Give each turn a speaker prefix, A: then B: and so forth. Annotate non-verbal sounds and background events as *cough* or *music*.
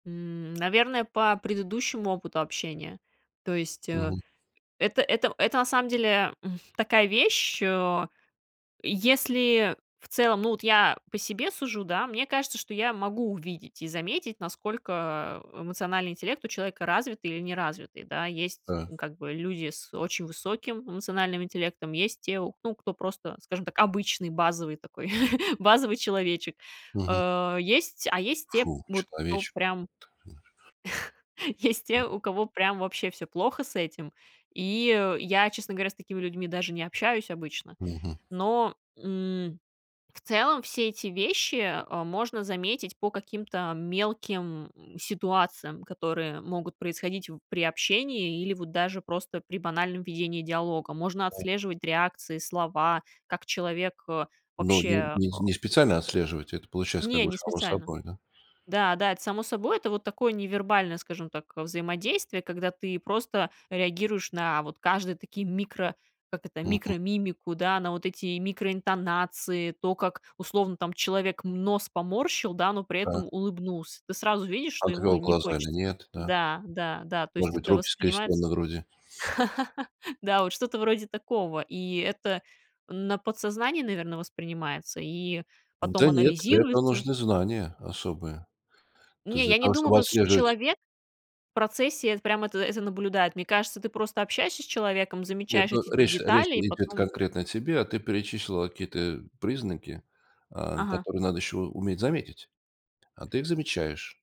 A: М, наверное, по предыдущему опыту общения. То есть, э,
B: Мгм.
A: это это это на самом деле, м, такая вещь, э. Если в целом, ну, вот я по себе сужу, да, мне кажется, что я могу увидеть и заметить, насколько эмоциональный интеллект у человека развитый или неразвитый, да. Есть,
B: Да.
A: ну, как бы люди с очень высоким эмоциональным интеллектом, есть те, ну, кто просто, скажем так, обычный базовый такой, *chuckles* базовый человечек.
B: Мгм.
A: А есть а есть те,
B: Фу,
A: вот, кто
B: человечек.
A: прям *chuckles* есть
B: М.
A: те, у кого прям вообще всё плохо с этим. И я, честно говоря, с такими людьми даже не общаюсь обычно.
B: Мгм.
A: Но, м, в целом все эти вещи, а, можно заметить по каким-то мелким, м, ситуациям, которые могут происходить при общении или вот даже просто при банальном ведении диалога. Можно
B: М.
A: отслеживать реакции, слова, как человек, э,
B: Ну, не
A: вообще
B: не не специально отслеживаете, это получается как
A: Не,
B: бы
A: не
B: само
A: специально.
B: собой, да.
A: Да, да, это само собой, это вот такое невербальное, скажем так, взаимодействие, когда ты просто реагируешь на вот каждые такие микро, как это,
B: Мгм.
A: микромимику, да, на вот эти микроинтонации, то, как условно там человек нос поморщил, да, но при
B: Та.
A: этом улыбнулся. Ты сразу видишь, что ему
B: Отвел
A: не
B: глаза или
A: хочется.
B: нет, да?
A: Да, да, да, то
B: Может
A: есть
B: быть,
A: это
B: руки скрестили
A: воспринимается
B: на груди?
A: *laughs* да, вот что-то вроде такого, и это на подсознании, наверное, воспринимается и потом
B: Да нет, для этого
A: анализируется.
B: нужны знания особые. То есть
A: Не,
B: для
A: я не
B: того,
A: думаю,
B: чтобы
A: просто
B: отслеживать
A: человек в процессе это прям это это наблюдает. Мне кажется, ты просто общаешься с человеком,
B: Нет,
A: замечаешь
B: ну,
A: эти
B: речь-то, речь
A: детали и
B: идет
A: потом
B: конкретно о тебе, а ты перечислила какие-то признаки, а,
A: Ага.
B: которые надо еще у уметь заметить. А ты их замечаешь.